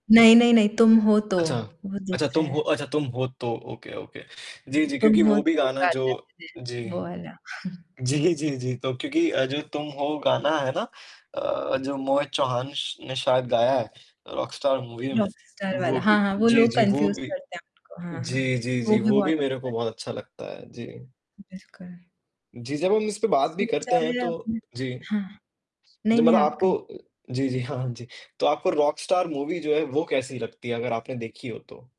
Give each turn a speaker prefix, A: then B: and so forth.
A: नहीं, नहीं, नहीं, तुम हो तो,
B: अच्छा।
A: वो
B: अच्छा
A: दूसरा
B: तुम हो
A: है।
B: अच्छा तुम हो तो ओके, ओके। जी, जी,
A: तुम
B: क्योंकि
A: हो
B: वो भी
A: तो
B: गाना जो
A: काटा [unintelligible]
B: जी।
A: वो वाला।
B: जी, जी, जी, तो क्योंकि अ, जो तुम हो गाना है ना अ, जो मोहित चौहान ने श ने शायद गाया है अ, रॉकस्टार मूवी में।
A: रॉकेस्टार वाला,
B: वो
A: हाँ,
B: भी,
A: हाँ, वो
B: जी,
A: लोग
B: जी वो
A: कन्फ्यूज़
B: भी,
A: करते हैं उसको, हाँ,
B: जी,
A: हाँ।
B: जी,
A: वो
B: जी,
A: भी
B: वो
A: बहुत
B: भी मेरे
A: अच्छा
B: को
A: है।
B: बहुत अच्छा लगता है। जी।
A: बिल्कुल।
B: जी, जब हम इस पे बात भी
A: सोचा
B: करते हैं
A: है
B: तो
A: अपने?
B: जी।
A: हाँ।
B: ज
A: नहीं, नहीं,
B: मतलब
A: आप
B: आपको
A: कहें।
B: अ जी, जी, हाँ, जी। तो आपको रॉकस्टार मूवी जो है वो कैसी लगती है अगर आपने देखी हो तो?